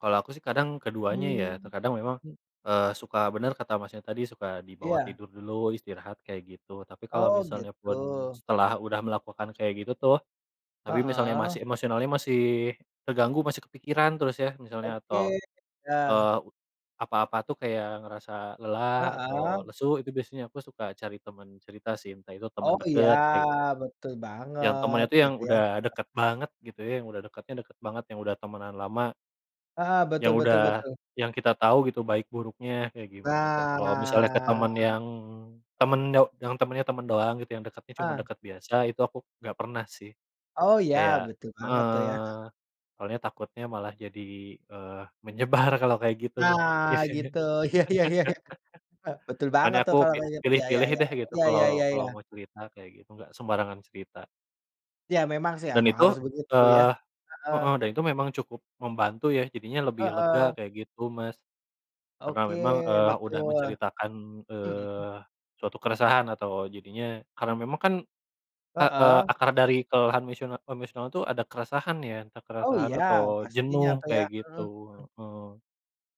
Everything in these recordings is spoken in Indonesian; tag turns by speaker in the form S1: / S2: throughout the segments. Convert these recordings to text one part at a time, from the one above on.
S1: Kalau aku sih kadang keduanya ya.
S2: Hmm,
S1: Terkadang memang,
S2: mhm.
S1: eee, suka bener kata Masnya tadi, suka dibawa
S2: Iya.
S1: tidur dulu, istirahat, kayak gitu. Tapi kalau
S2: Oh,
S1: misalnya pun
S2: gitu.
S1: setelah udah melakukan kayak gitu tuh, tapi misalnya
S2: Heeh.
S1: masih emosionalnya masih terganggu, masih kepikiran terus ya, misalnya toh,
S2: Oke, iya.
S1: eee, apa-apa tuh kayak ngerasa lelah
S2: Heeh.
S1: atau lesu, itu biasanya aku suka cari temen cerita sih, entah itu temen
S2: Oh, iya,
S1: deket, kayak gitu.
S2: betul
S1: Yang
S2: banget,
S1: temennya tuh yang
S2: gitu, ya.
S1: udah
S2: Heeh.
S1: deket banget gitu ya, yang udah dekatnya deket banget, yang udah temenan lama
S2: Heeh, betul,
S1: yang
S2: betul,
S1: udah
S2: betul.
S1: yang kita tahu gitu baik buruknya, kayak gimana, ta kalau misalnya ke
S2: Nah.
S1: temen yang temen do yang temennya temen doang gitu, yang dekatnya cuma
S2: Ah!
S1: deket biasa, itu aku nggak pernah, sih.
S2: Oh, ya,
S1: Kayak
S2: betul banget tuh, ya,
S1: heeh.
S2: heeh.
S1: Soalnya takutnya malah jadi, eee, menyebar kalau kayak gitu,
S2: Nah,
S1: biasanya.
S2: gitu. Iya, iya, iya, iya. E betul
S1: Makanya
S2: banget
S1: aku
S2: tuh, kalau
S1: kayak
S2: kayak gitu, ya, ya,
S1: pilih-pilih
S2: ya,
S1: deh gitu,
S2: iya, iya,
S1: kalau
S2: iya,
S1: kalau
S2: iya.
S1: mau cerita, kayak gitu, nggak sembarangan cerita.
S2: Ya, memang sih,
S1: Dan
S2: emang
S1: itu
S2: harus begitu, ya.
S1: eee, heeh,
S2: Heeh.
S1: dan itu memang cukup membantu ya, jadinya lebih lega,
S2: Heeh.
S1: kayak gitu, Mas. Karena
S2: Oke,
S1: memang, eee, udah
S2: betul.
S1: menceritakan,
S2: Mhm.
S1: eee, suatu keresahan atau jadinya karena memang kan heeh,
S2: Heeh.
S1: akar dari kelelahan emosional-emosional tuh ada keresahan ya, entah
S2: Oh,
S1: keresahan
S2: iya,
S1: atau
S2: pastinya
S1: jenuh
S2: tuh ya,
S1: kayak
S2: heeh,
S1: gitu,
S2: mmm.
S1: heeh.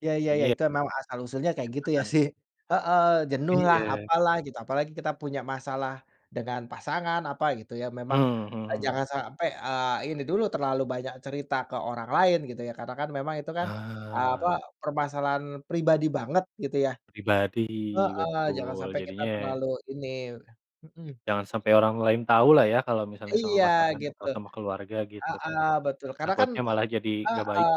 S2: Ya, ya, ya,
S1: Intinya
S2: itu memang asal-usulnya kayak
S1: kita
S2: gitu, iya,
S1: kan
S2: sih. Heeh, jenuh lah,
S1: Iya.
S2: apalah, gitu. Apalagi kita punya masalah dengan pasangan, apa, gitu ya,
S1: Eee,
S2: memang, eee,
S1: mhm.
S2: jangan sampai, eee, ini dulu terlalu banyak cerita ke orang lain gitu ya. Karena kan memang itu kan, eee, apa,
S1: Ah.
S2: permasalahan pribadi banget, gitu, ya.
S1: Pribadi.
S2: Heeh, jangan
S1: Betul.
S2: sampai kita
S1: Jadinya ya
S2: terlalu ini. Mhm.
S1: Jangan sampai orang lain tau lah ya, kalau misalnya sama
S2: Iya,
S1: pasangan atau
S2: gitu.
S1: sama keluarga, gitu, kan?
S2: Heeh, betul. Karena kan
S1: Takutnya
S2: a
S1: malah jadi nggak baik.
S2: heeh.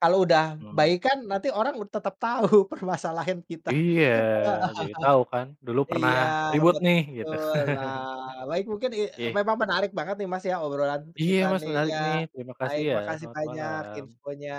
S2: Kalau udah
S1: Hmm.
S2: baik kan, nanti orang tetap tahu permasalahin kita,
S1: Iya,
S2: heeh
S1: jadi tau kan, "Dulu pernah
S2: Iya,
S1: ribut, nih." Gitu.
S2: betul. Nah, baik mungkin, i
S1: Ih.
S2: memang menarik banget nih, Mas, ya, obrolan
S1: Iya,
S2: kita
S1: Mas,
S2: nih,
S1: menarik
S2: iya,
S1: nih. Terima kasih,
S2: baik.
S1: ya.
S2: Makasih
S1: Selamat
S2: banyak
S1: malam!
S2: infonya.